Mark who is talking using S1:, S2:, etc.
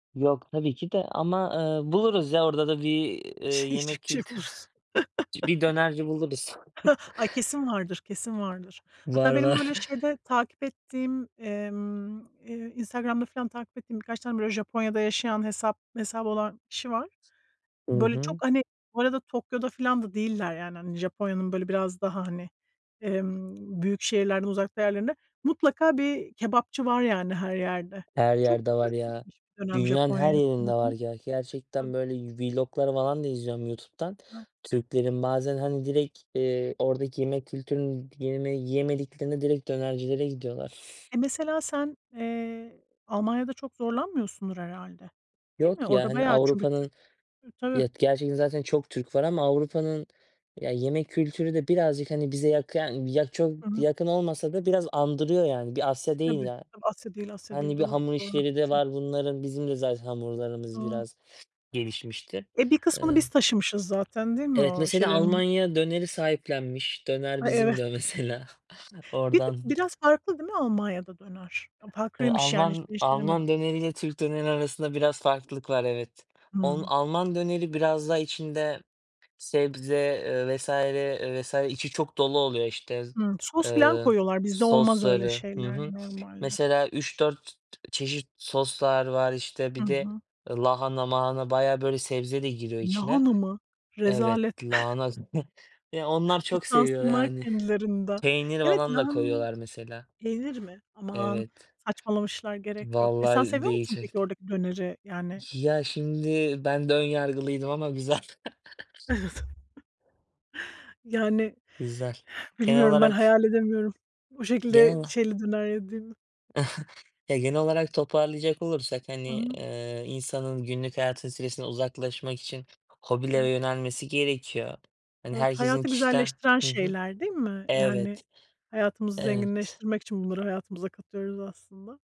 S1: Yok, tabii ki de. Ama, eee, buluruz ya orada da bir, eee,
S2: Yiyecek
S1: yemek
S2: bir şey
S1: kültürü
S2: bulursun.
S1: Bir dönerci buluruz.
S2: Ay, kesin vardır, kesin vardır.
S1: Var
S2: Hatta benim
S1: var.
S2: böyle şeyde takip ettiğim, emm, eee, Instagram'da filan takip ettiğim birkaç tane böyle Japonya'da yaşayan hesap hesabı olan kişi var.
S1: I
S2: Böyle, çok
S1: hı.
S2: hani Bu arada Tokyo'da filan da değiller, yani. Hani, Japonya'nın böyle biraz daha hani, emm, büyük şehirlerden uzakta yerlerinde. Mutlaka bir kebapçı var, yani, her yerde.
S1: Her
S2: Çok
S1: yerde var,
S2: Türk
S1: ya.
S2: gitmiş bir dönem
S1: Dünyanın her
S2: Japonya'ya
S1: yerinde var.
S2: sanırım.
S1: Ge gerçekten
S2: [unintelligible]
S1: böyle vlog'lar falan da izliyorum YouTube'dan
S2: Evet.
S1: Türklerin. Bazen, hani, direkt, eee, oradaki yemek kültürünü yeme yiyemediklerinde direkt dönercilere gidiyorlar.
S2: E, mesela sen, eee, Almanya'da çok zorlanmıyorsundur herhâlde, değil mi?
S1: Yok ya,
S2: Orada
S1: hani,
S2: bayağı çünkü Türk
S1: Avrupa'nın
S2: hıı, tabii.
S1: Ya, gerçekten zaten çok Türk var ama Avrupa'nın, ya, yemek kültürü de birazcık, hani, bize yak yani, yak çok
S2: Hı hı.
S1: yakın olmasa da biraz andırıyor, yani. Bir Asya değil,
S2: Tabii,
S1: yani.
S2: tabii Asya değil, Asya
S1: Hani,
S2: değil.
S1: bir
S2: Doğru,
S1: hamur
S2: doğru,
S1: işleri de
S2: haklısın.
S1: var bunların. Bizim de zaten hamurlarımız
S2: Doğru.
S1: biraz gelişmiştir.
S2: E, bir kısmını
S1: Iıı.
S2: biz taşımışız zaten, değil mi
S1: Evet,
S2: o
S1: mesela,
S2: şeylerin?
S1: Almanya döneri sahiplenmiş. "Döner
S2: Ay,
S1: bizim."
S2: evet.
S1: diyor, mesela.
S2: Bir de
S1: Oradan.
S2: biraz farklı, değil mi Almanya'da döner?
S1: Iıı,
S2: Farklıymış yani, hiç,
S1: Alman
S2: ben hiç
S1: Alman
S2: denemedim.
S1: döneriyle Türk dönerinin arasında biraz farklılık var. Evet. On
S2: Hımm.
S1: Alman döneri biraz daha içinde sebze, eee, vs. vs. içi çok dolu oluyor, işte,
S2: Hımm, sos filan
S1: ııı,
S2: koyuyorlar. Bizde olmaz öyle
S1: sosları. Hı
S2: şeyler
S1: hı.
S2: normalde.
S1: Mesela, 3-4 çeşit soslar var, işte.
S2: Hı
S1: Bir de
S2: hı.
S1: lahana mahana, bayağı, böyle, sebze de giriyor içine.
S2: Lahana mı?
S1: Evet,
S2: Rezalet.
S1: lahana Eee, onlar çok seviyor,
S2: Utansınlar
S1: yani.
S2: kendilerinden.
S1: Peynir
S2: Evet,
S1: falan da
S2: lahana
S1: koyuyorlar, mesela.
S2: yenir mi? Aman,
S1: Evet.
S2: saçmalamışlar. Gerek yok. E, sen
S1: Vallahi
S2: seviyor musun peki
S1: değişikti.
S2: oradaki döneri, yani?
S1: Ya, şimdi ben de ön yargılıydım ama güzel.
S2: [unintelligible] Yani,
S1: Güzel. Genel
S2: bilmiyorum. Ben
S1: olarak
S2: hayal edemiyorum o
S1: Genel
S2: şekilde
S1: ola
S2: şeyli döner yediğimi.
S1: Ya, genel olarak toparlayacak olursak,
S2: Hı
S1: hani,
S2: hı.
S1: eee, insanın günlük hayatın stresinden uzaklaşmak için hobilere
S2: Evet.
S1: yönelmesi gerekiyor. Hani,
S2: Evet.
S1: herkesin
S2: Hayatı
S1: kişiden
S2: güzelleştiren
S1: Hı hı.
S2: şeyler, değil mi? Yani,
S1: Evet.
S2: hayatımızı
S1: Evet.
S2: zenginleştirmek için bunları hayatımıza katıyoruz aslında.